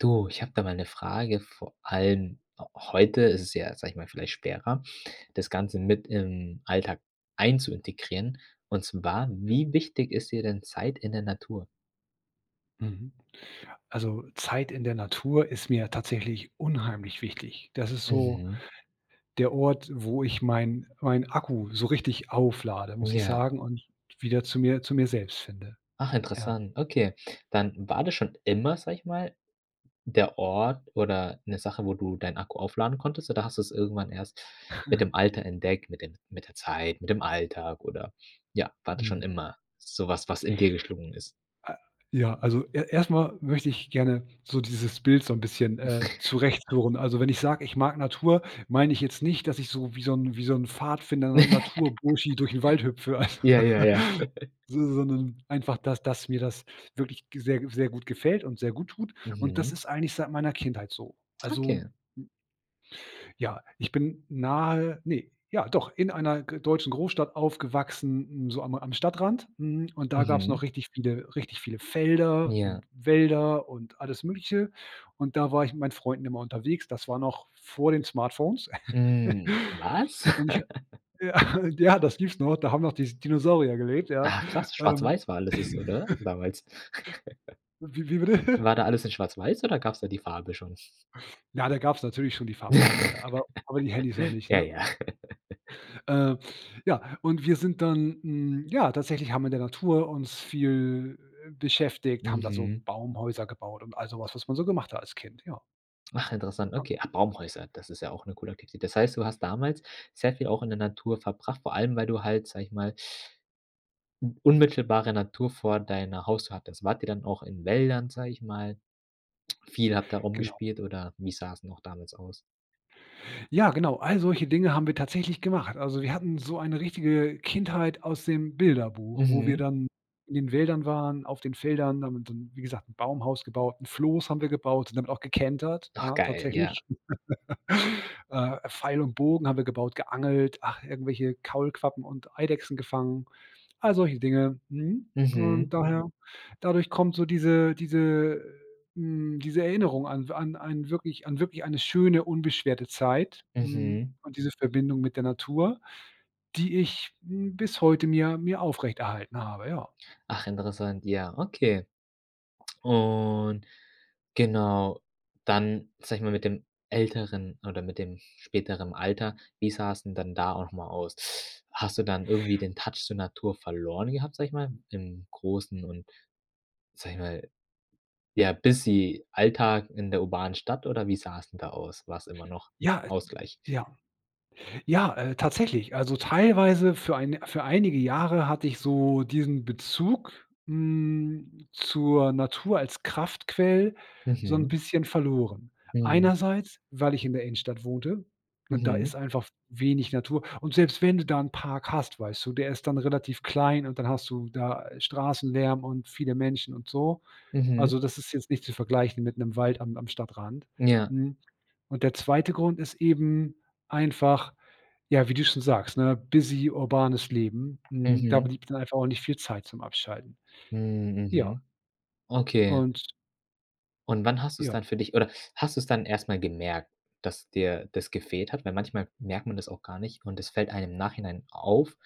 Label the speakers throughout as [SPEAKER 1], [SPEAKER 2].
[SPEAKER 1] Du, ich habe da mal 'ne Frage. Vor allem heute ist es ja, sage ich mal, vielleicht schwerer, das Ganze mit im Alltag ein zu integrieren. Und zwar: Wie wichtig ist dir denn Zeit in der Natur?
[SPEAKER 2] Mhm. Also, äh, Zeit in der Natur ist mir tatsächlich unheimlich wichtig. Das ist so
[SPEAKER 1] Mhm.
[SPEAKER 2] der Ort, wo ich mein mein Akku so richtig auflade, muss ich
[SPEAKER 1] Ja.
[SPEAKER 2] sagen und wieder zu mir zu mir selbst finde.
[SPEAKER 1] Ach,
[SPEAKER 2] Ja.
[SPEAKER 1] interessant, okay. Dann war das schon immer, sage ich mal, der Ort oder 'ne Sache, wo du deinen Akku aufladen konntest oder hast du es irgendwann erst mit dem Alter entdeckt, mit dem mit der Zeit, mit dem Alltag oder ja, war das
[SPEAKER 2] Mhm.
[SPEAKER 1] schon immer sowas, was in dir geschlungen ist?
[SPEAKER 2] Äh, ja, also, e erstmal möchte ich gerne so dieses Bild so 'n bisschen, äh, zurecht führen. Also, wenn ich sage: „Ich mag Natur." Meine ich jetzt nicht, dass ich so, wie so 'n wie so 'n Pfadfinder, 'n "Naturburschi", durch 'n Wald hüpfe.
[SPEAKER 1] Ja, ja, ja.
[SPEAKER 2] So so 'nen einfach, dass dass mir das wirklich g sehr sehr gut gefällt und sehr gut tut. Und das
[SPEAKER 1] Mhm.
[SPEAKER 2] ist eigentlich seit meiner Kindheit so.
[SPEAKER 1] Okay.
[SPEAKER 2] Also, m Ja, ich bin nahe ne, ja doch in einer g deutschen Großstadt aufgewachsen, n so am am Stadtrand, mhm, und da gabs noch
[SPEAKER 1] Mhm.
[SPEAKER 2] richtig viele richtig viele Felder
[SPEAKER 1] Ja.
[SPEAKER 2] und Wälder und alles Mögliche. Und da war ich mit meinen Freunden immer unterwegs. Das war noch vor den Smartphones.
[SPEAKER 1] Mm, was?
[SPEAKER 2] Und ich habe ja, ja das gibt's noch, da haben noch dies die Dinosaurier gelebt, ja?
[SPEAKER 1] Ah, krass!
[SPEAKER 2] Ähm.
[SPEAKER 1] Schwarz-weiß war alles das, oder, damals?
[SPEAKER 2] Wie wie bitte?
[SPEAKER 1] War da alles in schwarz-weiß oder gabs da die Farbe schon?
[SPEAKER 2] Ja, da gabs natürlich schon die Farbfernseher, aber aber die Handys noch nicht,
[SPEAKER 1] Ja,
[SPEAKER 2] ne?
[SPEAKER 1] ja.
[SPEAKER 2] Äh, ja, und wir sind dann hm, ja, tatsächlich haben wir in der Natur uns viel, äh, beschäftigt, haben da so
[SPEAKER 1] Mhm.
[SPEAKER 2] Baumhäuser gebaut und all sowas, was man so gemacht hat als Kind, ja.
[SPEAKER 1] Ach, interessant,
[SPEAKER 2] [unintelligible]
[SPEAKER 1] okay. Ah, Baumhäuser, das ist ja auch 'ne coole Aktivität. Das heißt, du hast damals sehr viel auch in der Natur verbracht, vor allem, weil du halt, sage ich mal N unmittelbare Natur vor deiner Haustür hattest. Wart ihr dann auch in Wäldern, sage ich mal. Viel habt ihr
[SPEAKER 2] Genau. Hm.
[SPEAKER 1] rumgespielt, oder wie sah es noch damals aus?
[SPEAKER 2] Ja, genau all solche Dinge haben wir tatsächlich gemacht. Also, wir hatten so eine richtige, äh, Kindheit aus dem Bilderbuch, wo wir
[SPEAKER 1] Mhm.
[SPEAKER 2] dann in den Wäldern waren, auf den Feldern, und dann, wie gesagt, 'n Baumhaus gebaut, 'n Floß haben wir gebaut, und damit auch gekentert,
[SPEAKER 1] Ach,
[SPEAKER 2] ja,
[SPEAKER 1] geil! Ja.
[SPEAKER 2] tatsächlich. Äh, Pfeil und Bogen haben wir gebaut, geangelt, ach, irgendwelche Kaulquappen und Eidechsen gefangen all solche Dinge, mhm, und
[SPEAKER 1] Mhm.
[SPEAKER 2] daher dadurch kommt so diese diese äh, mm, diese Erinnerung an w an ein wirklich an wirklich eine schöne, unbeschwerte Zeit, hm,
[SPEAKER 1] Mhm.
[SPEAKER 2] und diese Verbindung mit der Natur, die ich, hm, bis heute mir mir aufrechterhalten habe, ja.
[SPEAKER 1] Ach, interessant. Ja, okay, und genau, dann sage ich mal mit dem älteren oder mit dem späteren Alter. Wie sah es denn dann da auch mal aus? Hast du dann irgendwie den touch zur Natur verloren gehabt, sage ich mal, im großen und sage ich mal, ja, busy Alltag in der urbanen Stadt oder wie sah es denn da aus? War 's immer noch
[SPEAKER 2] Ja, äh,
[SPEAKER 1] Ausgleich.
[SPEAKER 2] ja. Ja, äh, tatsächlich. Also teilweise für ein für einige Jahre hatte ich so diesen Bezug, hm, zur Natur als Kraftquelle so 'n
[SPEAKER 1] Mhm.
[SPEAKER 2] bisschen verloren.
[SPEAKER 1] Mh.
[SPEAKER 2] Einerseits, weil ich in der Innenstadt wohnte, und da ist
[SPEAKER 1] Mhm.
[SPEAKER 2] einfach w wenig Natur. Und selbst wenn du da 'n Park hast, weißt du, der ist dann relativ klein und dann hast du da, äh, Straßenlärm und viele Menschen und so,
[SPEAKER 1] Mhm.
[SPEAKER 2] also das ist jetzt nicht zu vergleichen mit 'nem Wald am am Stadtrand,
[SPEAKER 1] Ja.
[SPEAKER 2] hm, und der 2. Grund ist eben einfach, ja, wie du schon sagst, ne, busy urbanes Leben, hm, da
[SPEAKER 1] Mhm.
[SPEAKER 2] blieb dann einfach auch nicht viel Zeit zum Abschalten.
[SPEAKER 1] Mhm,
[SPEAKER 2] Ja.
[SPEAKER 1] mhm okay
[SPEAKER 2] Und
[SPEAKER 1] Und wann hast du's
[SPEAKER 2] Ja.
[SPEAKER 1] dann für dich oder hast du's dann erstmal gemerkt, dass dir das gefehlt hat? Weil, manchmal merkt man das auch gar nicht, und es fällt einem im Nachhinein auf: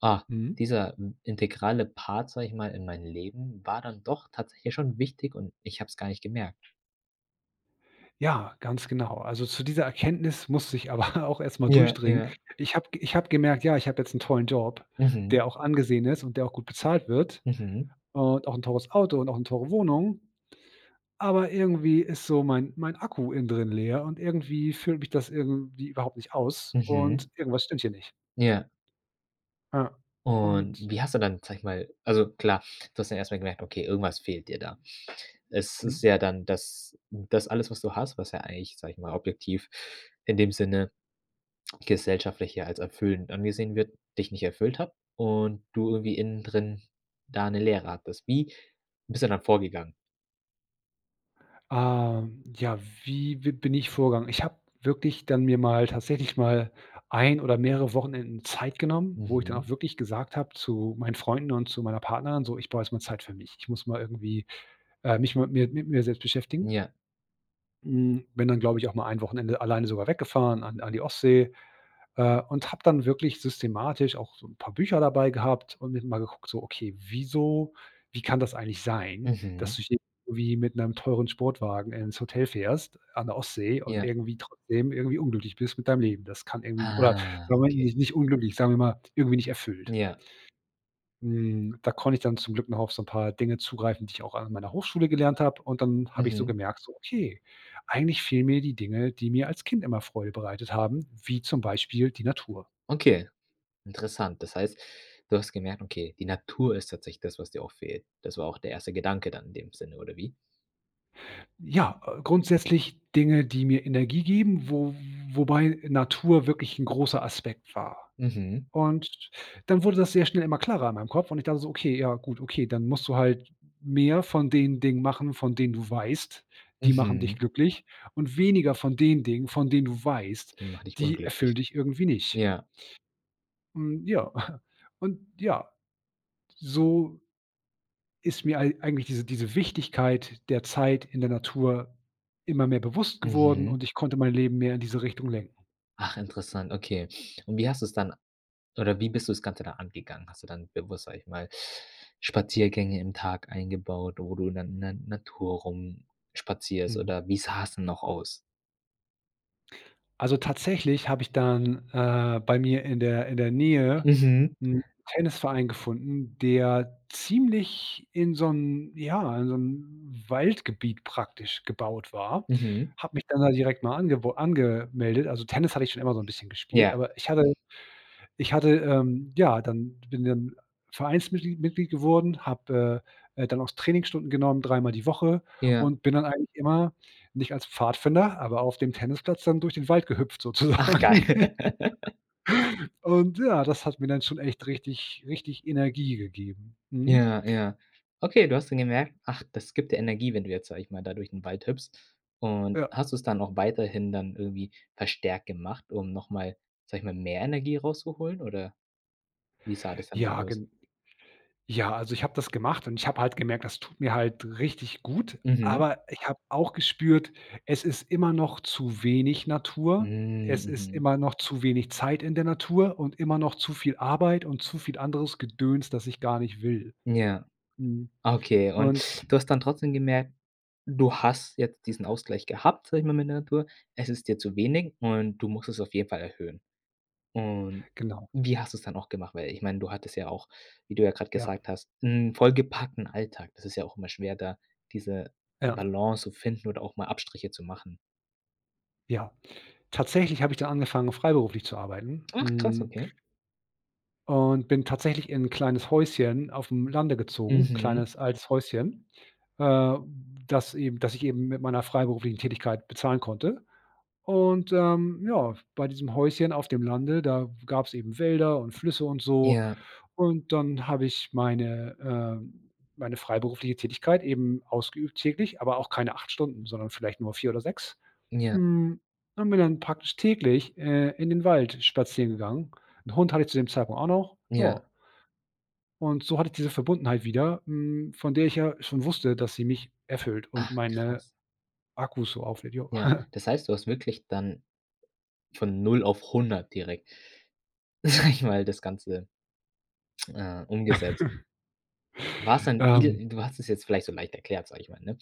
[SPEAKER 1] „Ah,
[SPEAKER 2] Mhm.
[SPEAKER 1] dieser, hm, integrale Part, sage ich mal, in meinem Leben, war dann doch tatsächlich schon wichtig. Und ich habe es gar nicht gemerkt.“
[SPEAKER 2] Ja, ganz genau. Also, zu dieser Erkenntnis musste ich aber auch erstmal
[SPEAKER 1] Ja,
[SPEAKER 2] durchdringen.
[SPEAKER 1] ja.
[SPEAKER 2] Ich habe ich habe gemerkt: „Ja, ich habe jetzt 'n tollen Job, der
[SPEAKER 1] Mhm.
[SPEAKER 2] auch angesehen ist und der auch gut bezahlt wird
[SPEAKER 1] Mhm.
[SPEAKER 2] und auch 'n teures Auto und auch 'ne teure Wohnung. Aber irgendwie ist so mein mein Akku innen drin leer und irgendwie füllt mich das irgendwie überhaupt nicht aus
[SPEAKER 1] Mhm.
[SPEAKER 2] und irgendwas stimmt hier nicht.“
[SPEAKER 1] Ja.
[SPEAKER 2] Ja.
[SPEAKER 1] Und
[SPEAKER 2] Und
[SPEAKER 1] wie hast du dann, sage ich mal also klar, du hast dann erstmal gemerkt, okay, irgendwas fehlt dir da. Es ist
[SPEAKER 2] Mhm.
[SPEAKER 1] ja dann, dass hm, das alles, was du hast, was ja eigentlich, sage ich mal, objektiv in dem Sinne gesellschaftlich, ja, als erfüllend angesehen wird, dich nicht erfüllt hat und du irgendwie innen drin da 'ne Leere hattest. Wie bist du dann vorgegangen?
[SPEAKER 2] Ah, hm, ja, wie w bin ich vorgegangen? Ich habe wirklich dann mir mal tatsächlich mal 1 oder mehrere Wochenenden Zeit genommen, wo ich dann auch
[SPEAKER 1] Mhm.
[SPEAKER 2] wirklich gesagt habe zu meinen Freunden und zu meiner Partnerin: „So, ich brauche erst mal Zeit für mich. Ich muss mal irgendwie, äh, mich mal mit mir mit mir selbst
[SPEAKER 1] Hm,
[SPEAKER 2] beschäftigen.“
[SPEAKER 1] ja.
[SPEAKER 2] Mhm, bin dann glaube ich, auch mal 1 Wochenende alleine sogar weggefahren, an an die Ostsee. Äh, und habe dann wirklich systematisch auch so 'n paar Bücher dabei gehabt und [unintelligible] mal geguckt, so: „Okay, wieso wie kann das eigentlich sein, dass
[SPEAKER 1] Mhm.
[SPEAKER 2] du hier wie mit 'nem teuren Sportwagen ins Hotel fährst, an der Ostsee und
[SPEAKER 1] Ja.
[SPEAKER 2] irgendwie trotzdem irgendwie unglücklich bist mit deinem Leben? Das kann irgendwie oder
[SPEAKER 1] Ah,
[SPEAKER 2] Moment
[SPEAKER 1] okay.
[SPEAKER 2] nicht nicht unglücklich, sagen wir mal, irgendwie nicht erfüllt.“
[SPEAKER 1] Ja.
[SPEAKER 2] Hm, da konnte ich dann zum Glück noch auf so 'n paar Dinge zugreifen, die ich auch an meiner Hochschule gelernt habe und dann habe ich so
[SPEAKER 1] Mhm.
[SPEAKER 2] gemerkt so: „Okay, eigentlich fehlen mir die Dinge, die mir als Kind immer Freude bereitet haben, wie zum Beispiel die Natur.“
[SPEAKER 1] Okay. Interessant. Das heißt, du hast gemerkt, okay, die Natur ist tatsächlich das, was dir auch fehlt. Das war auch der 1. Gedanke dann in dem Sinne, oder wie?
[SPEAKER 2] Ja, grundsätzlich Dinge, die mir Energie geben, wo wobei Natur wirklich 'n großer Aspekt war.
[SPEAKER 1] Mhm.
[SPEAKER 2] Und dann wurde das sehr schnell immer klarer in meinem Kopf und ich dachte so: „Okay, ja, gut okay, dann musst du halt mehr von den Dingen machen, von denen du weißt, die machen dich
[SPEAKER 1] Mhm.
[SPEAKER 2] glücklich, und weniger von den Dingen, von denen du weißt,
[SPEAKER 1] Die macht dich
[SPEAKER 2] die
[SPEAKER 1] unglücklich.
[SPEAKER 2] erfüllen dich irgendwie nicht.“
[SPEAKER 1] Ja.
[SPEAKER 2] Hm, ja, und ja so ist mir eig eigentlich diese diese Wichtigkeit der Zeit in der Natur immer mehr bewusst geworden,
[SPEAKER 1] Mhm.
[SPEAKER 2] und ich konnte mein Leben mehr in diese Richtung lenken.
[SPEAKER 1] Ach, interessant, okay. Und wie hast du es dann oder wie bist du das Ganze da angegangen? Hast du dann bewusst, sage ich mal Spaziergänge im Tag eingebaut, wo du dann dann in der Natur rumspazierst,
[SPEAKER 2] Mhm.
[SPEAKER 1] oder wie sah es denn noch aus?
[SPEAKER 2] Also tatsächlich habe ich dann, äh, bei mir in der in der Nähe
[SPEAKER 1] Mhm.
[SPEAKER 2] 'n Tennisverein gefunden, der ziemlich in so 'n ja, in so 'n Waldgebiet praktisch gebaut war.
[SPEAKER 1] Mhm.
[SPEAKER 2] Habe mich dann da direkt mal ange angemeldet also Tennis habe ich schon immer so 'n bisschen gespielt,
[SPEAKER 1] Ja.
[SPEAKER 2] aber ich hatte ich hatte, ähm, ja, dann bin dann Vereinsmitglied Mitglied geworden, habe, äh äh, dann auch Trainingsstunden genommen, 3 Mal die Woche,
[SPEAKER 1] Ja.
[SPEAKER 2] und bin dann eigentlich immer nicht als Pfadfinder, aber auf dem Tennisplatz dann durch den Wald gehüpft,
[SPEAKER 1] Ach, geil.
[SPEAKER 2] sozusagen. Und ja, das hat mir dann schon echt richtig richtig Energie gegeben. Mhm.
[SPEAKER 1] Ja, ja. Okay, du hast dann gemerkt: Ach, das gibt dir Energie, wenn du jetzt, sage ich mal, da durch den Wald hüpfst. Und
[SPEAKER 2] Ja.
[SPEAKER 1] hast du es dann auch weiterhin dann irgendwie verstärkt gemacht, um nochmal sage ich mal, mehr Energie rauszuholen, oder? Wie sah das denn da
[SPEAKER 2] Ja,
[SPEAKER 1] aus?
[SPEAKER 2] gen ja, also, ich habe das gemacht und ich habe halt gemerkt, das tut mir halt richtig gut.
[SPEAKER 1] Mhm.
[SPEAKER 2] Aber ich habe auch gespürt, es ist immer noch zu wenig Natur.
[SPEAKER 1] Mhm,
[SPEAKER 2] Es ist
[SPEAKER 1] mhm.
[SPEAKER 2] immer noch zu wenig Zeit in der Natur und immer noch zu viel Arbeit und zu viel anderes Gedöns, das ich gar nicht will.
[SPEAKER 1] Ja.
[SPEAKER 2] Mhm
[SPEAKER 1] Okay,
[SPEAKER 2] und
[SPEAKER 1] und du hast dann trotzdem gemerkt, du hast jetzt diesen Ausgleich gehabt sage ich mal mit der Natur. Es ist dir zu wenig und du musst es auf jeden Fall erhöhen. Und
[SPEAKER 2] Genau.
[SPEAKER 1] wie hast du es dann auch gemacht? Weil ich meine, du hattest ja auch, wie du ja gerade
[SPEAKER 2] Ja.
[SPEAKER 1] gesagt hast, 'n vollgepackten Alltag. Das ist ja auch immer schwer, da diese
[SPEAKER 2] Ja.
[SPEAKER 1] Balance zu finden oder auch mal Abstriche zu machen.
[SPEAKER 2] Ja. Tatsächlich habe ich dann angefangen, freiberuflich zu arbeiten,
[SPEAKER 1] Ach, krass,
[SPEAKER 2] hm
[SPEAKER 1] okay.
[SPEAKER 2] und bin tatsächlich in 'n kleines Häuschen aufm Lande gezogen,
[SPEAKER 1] Mhm.
[SPEAKER 2] kleines altes Häuschen, äh, das eben das ich eben mit meiner freiberuflichen Tätigkeit bezahlen konnte. Und, ähm, ja, bei diesem Häuschen auf dem Lande, da gab's eben Wälder und Flüsse und so.
[SPEAKER 1] Ja.
[SPEAKER 2] Und dann habe ich meine, ähm meine freiberufliche Tätigkeit eben ausgeübt täglich, aber auch keine 8 Stunden, sondern vielleicht nur 4 oder 6.
[SPEAKER 1] Ja.
[SPEAKER 2] Hm, und bin dann praktisch täglich, äh, in den Wald spazieren gegangen. 'N Hund hatte ich zu dem Zeitpunkt auch noch,
[SPEAKER 1] Ja.
[SPEAKER 2] ja. Und so hatte ich diese Verbundenheit wieder, hm, von der ich ja schon wusste, dass sie mich erfüllt und
[SPEAKER 1] Ach,
[SPEAKER 2] meine
[SPEAKER 1] krass.
[SPEAKER 2] Akkus so auflädt, ja.
[SPEAKER 1] Ja, das heißt, du hast wirklich dann von 0 auf 100 direkt sage ich mal, das Ganze, äh, umgesetzt. War es dann
[SPEAKER 2] ,ähm
[SPEAKER 1] wie du hast das jetzt vielleicht so leicht erklärt, sage ich mal, ne?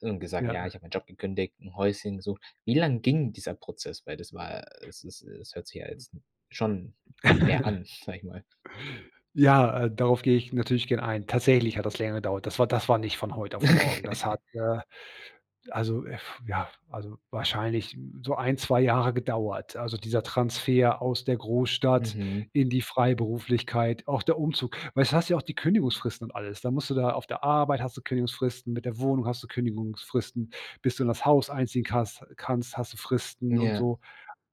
[SPEAKER 1] Und gesagt: „Ja, ich
[SPEAKER 2] Ja.
[SPEAKER 1] habe meinen Job gekündigt, 'n Häuschen gesucht.“ Wie lange ging dieser Prozess? Weil das war, äh, es es es hört sich ja jetzt schon nach mehr an, sage ich mal.
[SPEAKER 2] Ja, äh, darauf gehe ich natürlich gerne ein. Tatsächlich hat das länger gedauert. Das war das war nicht von heute auf morgen, das hat, äh, also, äh, ja, also, wahrscheinlich so 1, 2, Jahre gedauert. Also dieser Transfer aus der Großstadt
[SPEAKER 1] Mhm.
[SPEAKER 2] in die Freiberuflichkeit, auch der Umzug, weil s du hast ja auch die Kündigungsfristen und alles. Da musst du da auf der Arbeit hast du Kündigungsfristen, mit der Wohnung hast du Kündigungsfristen. Bis du in das Haus einziehen kannst kannst, hast du Fristen und
[SPEAKER 1] Ja.
[SPEAKER 2] so.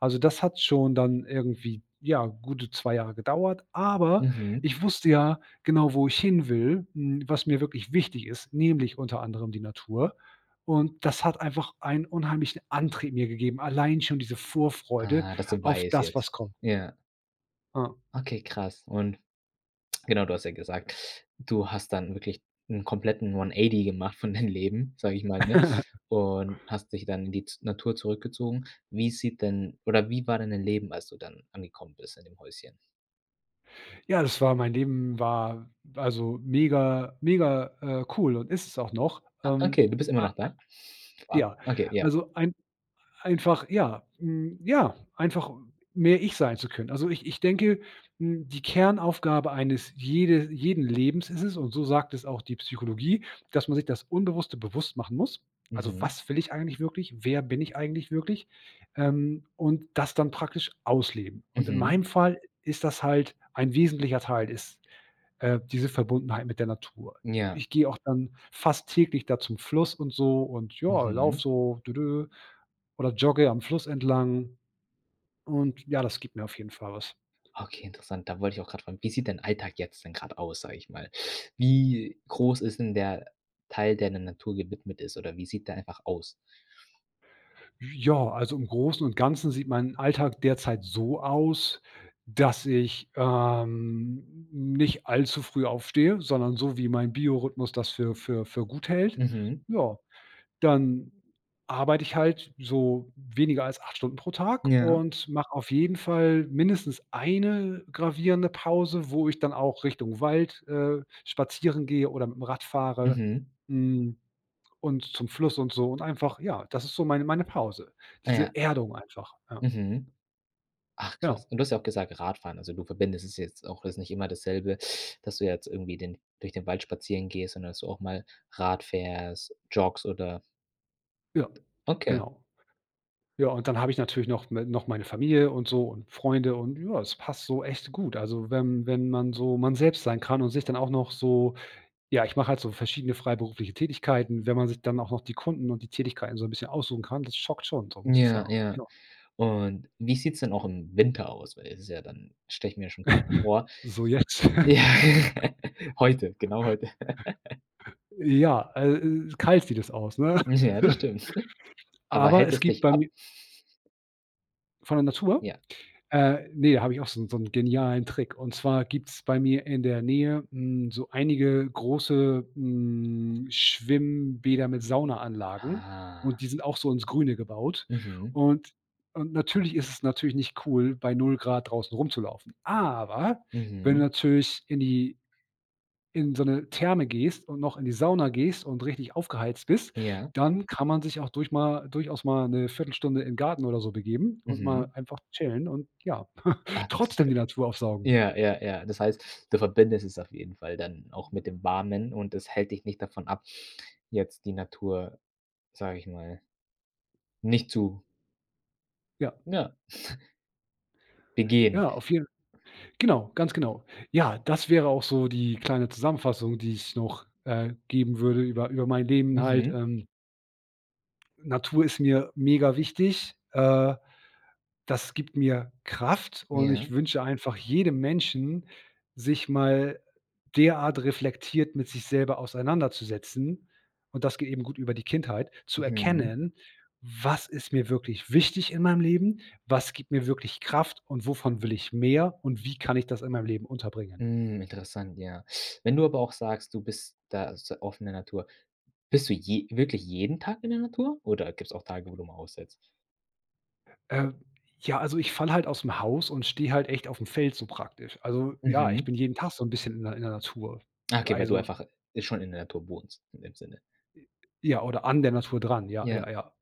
[SPEAKER 2] Also, das hat schon dann irgendwie, ja, gute 2 Jahre gedauert. Aber
[SPEAKER 1] Mhm.
[SPEAKER 2] ich wusste ja genau, wo ich hin will, hm, was mir wirklich wichtig ist, nämlich unter anderem die Natur. Und das hat einfach einen unheimlichen Antrieb mir gegeben, allein schon diese Vorfreude
[SPEAKER 1] Aha, das du
[SPEAKER 2] auf
[SPEAKER 1] weißt
[SPEAKER 2] das,
[SPEAKER 1] jetzt,
[SPEAKER 2] was kommt.
[SPEAKER 1] ja.
[SPEAKER 2] Hm.
[SPEAKER 1] Okay, krass. Und genau, du hast ja gesagt, du hast dann wirklich 'n kompletten 1 80 gemacht von deinem Leben, sage ich mal, ne? Und hast dich dann in die ts Natur zurückgezogen. Wie sieht denn oder wie war denn dein Leben, als du dann angekommen bist, in dem Häuschen?
[SPEAKER 2] Ja, das war mein Leben war, also, mega mega, äh, cool und ist's auch noch.
[SPEAKER 1] Ah,
[SPEAKER 2] Ähm.
[SPEAKER 1] okay, du bist immer
[SPEAKER 2] Ei
[SPEAKER 1] noch
[SPEAKER 2] ei
[SPEAKER 1] da? Ah.
[SPEAKER 2] Ja.
[SPEAKER 1] Okay, ja.
[SPEAKER 2] Also, ein einfach, ja, hm, ja, einfach mehr ich sein zu können. Also, ich ich denke, hm, die Kernaufgabe eines jede jeden Lebens ist es und so sagt es auch die Psychologie, dass man sich das Unbewusste bewusst machen muss. Also,
[SPEAKER 1] Mhm.
[SPEAKER 2] was will ich eigentlich wirklich? Wer bin ich eigentlich wirklich? Ähm. Und das dann praktisch ausleben. Und in
[SPEAKER 1] Mhm.
[SPEAKER 2] meinem Fall ist das halt ein wesentlicher Teil ist, äh, diese Verbundenheit mit der Natur.
[SPEAKER 1] Ja.
[SPEAKER 2] Ich gehe auch dann fast täglich da zum Fluss und so und ja, laufe
[SPEAKER 1] Mhm.
[SPEAKER 2] so: „Dödö“ oder jogge am Fluss entlang. Und ja, das gibt mir auf jeden Fall was.
[SPEAKER 1] Okay, interessant. Da wollte ich auch gerade fragen: „Wie sieht dein Alltag jetzt denn gerade aus, sage ich mal. Wie groß ist denn der Teil, der der Natur gewidmet ist, oder wie sieht der einfach aus?“
[SPEAKER 2] Ja, also, im Großen und Ganzen sieht mein Alltag derzeit so aus, dass ich, ähm, nicht allzu früh aufstehe. Sondern so wie mein Biorhythmus das für für für gut hält.
[SPEAKER 1] Mhm.
[SPEAKER 2] Ja, dann arbeite ich halt so weniger als 8 Stunden pro Tag
[SPEAKER 1] Ja.
[SPEAKER 2] und mache auf jeden Fall mindestens 1 gravierende Pause, wo ich dann auch Richtung Wald, äh, spazieren gehe oder mitm Rad fahre,
[SPEAKER 1] Mhm.
[SPEAKER 2] mhm, und zum Fluss und so. Und einfach, ja, das ist so meine meine Pause.
[SPEAKER 1] Ah,
[SPEAKER 2] Diese
[SPEAKER 1] ja.
[SPEAKER 2] Erdung einfach, ja.
[SPEAKER 1] Mhm. Ach,
[SPEAKER 2] Genau.
[SPEAKER 1] krass. Und du hast ja auch gesagt, Radfahren, also, du verbindest es jetzt auch es ist nicht immer dasselbe, dass du jetzt irgendwie den durch den Wald spazieren gehst, sondern dass du auch mal Rad fährst, joggst oder
[SPEAKER 2] Ja,
[SPEAKER 1] Okay.
[SPEAKER 2] genau. Ja. Und dann habe ich natürlich noch me noch meine Familie und so und Freunde. Und ja, das passt so echt gut. Also, wenn wenn man so man selbst sein kann und sich dann auch noch so ja, ich mache halt so verschiedene freiberufliche Tätigkeiten. Wenn man sich dann auch noch die Kunden und die Tätigkeiten so 'n bisschen aussuchen kann. Das schockt schon, so
[SPEAKER 1] Hm
[SPEAKER 2] muss ich
[SPEAKER 1] ja,
[SPEAKER 2] sagen.
[SPEAKER 1] ja.
[SPEAKER 2] Ja.
[SPEAKER 1] Und wie sieht 's denn auch im Winter aus? Weil das ist ja dann stelle ich mir ja schon v vor.
[SPEAKER 2] So jetzt.
[SPEAKER 1] Ja, heute, genau, heute.
[SPEAKER 2] Ja, al äh, kalt sieht das aus, ne?
[SPEAKER 1] Hm ja, das stimmt. Aber
[SPEAKER 2] Aber
[SPEAKER 1] hält
[SPEAKER 2] es
[SPEAKER 1] es
[SPEAKER 2] gibt
[SPEAKER 1] dich
[SPEAKER 2] bei
[SPEAKER 1] ab
[SPEAKER 2] mir Von der Natur?
[SPEAKER 1] Ja.
[SPEAKER 2] Äh, ne, habe ich auch so 'n so 'n genialen Trick. Und zwar gibt 's bei mir in der Nähe, mhm, so einige große, mhm, Schwimmbäder mit Saunaanlagen. Und
[SPEAKER 1] Ah.
[SPEAKER 2] die sind auch so ins Grüne gebaut.
[SPEAKER 1] Mhm.
[SPEAKER 2] Und und natürlich ist es natürlich nicht cool, bei 0 C draußen rumzulaufen. Aber wenn du
[SPEAKER 1] Mhm.
[SPEAKER 2] natürlich in die in so 'ne Therme gehst und noch in die Sauna gehst und richtig aufgeheizt bist,
[SPEAKER 1] Ja.
[SPEAKER 2] dann kann man sich auch durch mal durchaus mal 'ne 1/4 Stunde in 'n Garten oder so begeben und mal
[SPEAKER 1] Mhm.
[SPEAKER 2] einfach chillen, und ja,
[SPEAKER 1] Ah, das ist
[SPEAKER 2] trotzdem
[SPEAKER 1] g.
[SPEAKER 2] die Natur aufsaugen.
[SPEAKER 1] Ja, ja, ja. Das heißt, du verbindest es auf jeden Fall dann auch mit dem Warmen und das hält dich nicht davon ab, jetzt die Natur sage ich mal nicht zu
[SPEAKER 2] Ja.
[SPEAKER 1] Ja begehen.
[SPEAKER 2] Ja, auf jeden genau. Ganz genau. Ja, das wäre auch so die kleine Zusammenfassung, die ich noch, äh, geben würde über über mein Leben halt,
[SPEAKER 1] Mhm.
[SPEAKER 2] ähm. Natur ist mir mega wichtig, äh, das gibt mir Kraft. Und ich
[SPEAKER 1] Ja.
[SPEAKER 2] wünsche einfach jedem Menschen, sich mal derart reflektiert mit sich selber auseinanderzusetzen. Und das geht eben gut über die Kindheit. Zu
[SPEAKER 1] Mhm.
[SPEAKER 2] erkennen: Was ist mir wirklich wichtig in meinem Leben? Was gibt mir wirklich Kraft? Und wovon will ich mehr? Und wie kann ich das in meinem Leben unterbringen?
[SPEAKER 1] Mhm. Interessant, ja. Wenn du aber auch sagst, du bist da z oft in der Natur, bist du je wirklich jeden Tag in der Natur oder gibt's auch Tage, wo du mal aussetzt?
[SPEAKER 2] Äh, ja, also ich falle halt ausm Haus und stehe halt echt auf dem Feld so praktisch. Also ja, ich
[SPEAKER 1] Mhm.
[SPEAKER 2] bin jeden Tag so 'n bisschen in der in der Natur.
[SPEAKER 1] Ah okay, weil du
[SPEAKER 2] Also
[SPEAKER 1] einfach schon in der Natur wohnst, in dem Sinne.
[SPEAKER 2] I Ja, oder an der Natur dran, ja,
[SPEAKER 1] Ja.
[SPEAKER 2] ja, ja.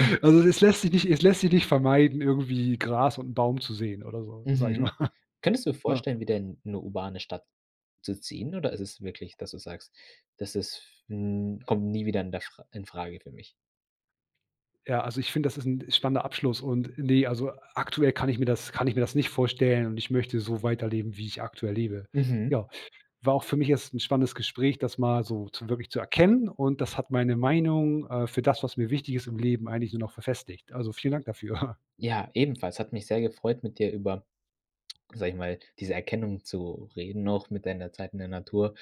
[SPEAKER 2] Also, es lässt sich nicht es lässt sich nicht vermeiden, irgendwie Gras und 'n Baum zu sehen oder so, sage ich mal.
[SPEAKER 1] Mhm. Könntest du
[SPEAKER 2] Ah.
[SPEAKER 1] vorstellen, wieder in 'ne urbane Stadt zu ziehen, oder ist es wirklich, dass du sagst, dass es f hm: „Kommt nie wieder in der fr in Frage für mich?“
[SPEAKER 2] Ja also, ich finde, das ist 'n spannender Abschluss. Und ne also, aktuell kann ich mir das kann ich mir das nicht vorstellen. Und ich möchte so weiterleben, wie ich aktuell lebe.
[SPEAKER 1] Mhm.
[SPEAKER 2] Ja, war auch für mich jetzt 'n spannendes Gespräch, das mal so zu wirklich zu erkennen. Und das hat meine Meinung, äh, für das, was mir wichtig ist im Leben eigentlich nur noch verfestigt. Also vielen Dank dafür.
[SPEAKER 1] Ja, ebenfalls, hat mich sehr gefreut mit dir über- sage ich mal- diese Erkenntnis zu reden noch mit deiner Zeit in der Natur,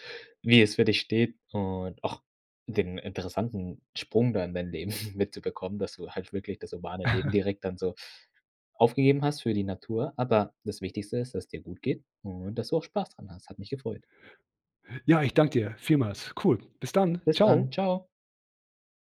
[SPEAKER 1] wie es für dich steht und auch den interessanten Sprung da in dein Leben mitzubekommen, dass du halt wirklich das urbane Leben direkt dann so aufgegeben hast für die Natur, aber das Wichtigste ist, dass es dir gut geht und, dass du auch spaß dran hast. Hat mich gefreut.
[SPEAKER 2] Ja, ich danke dir vielmals. Cool. Bis dann.
[SPEAKER 1] Bis dann.
[SPEAKER 2] Tschau.
[SPEAKER 1] Tschau.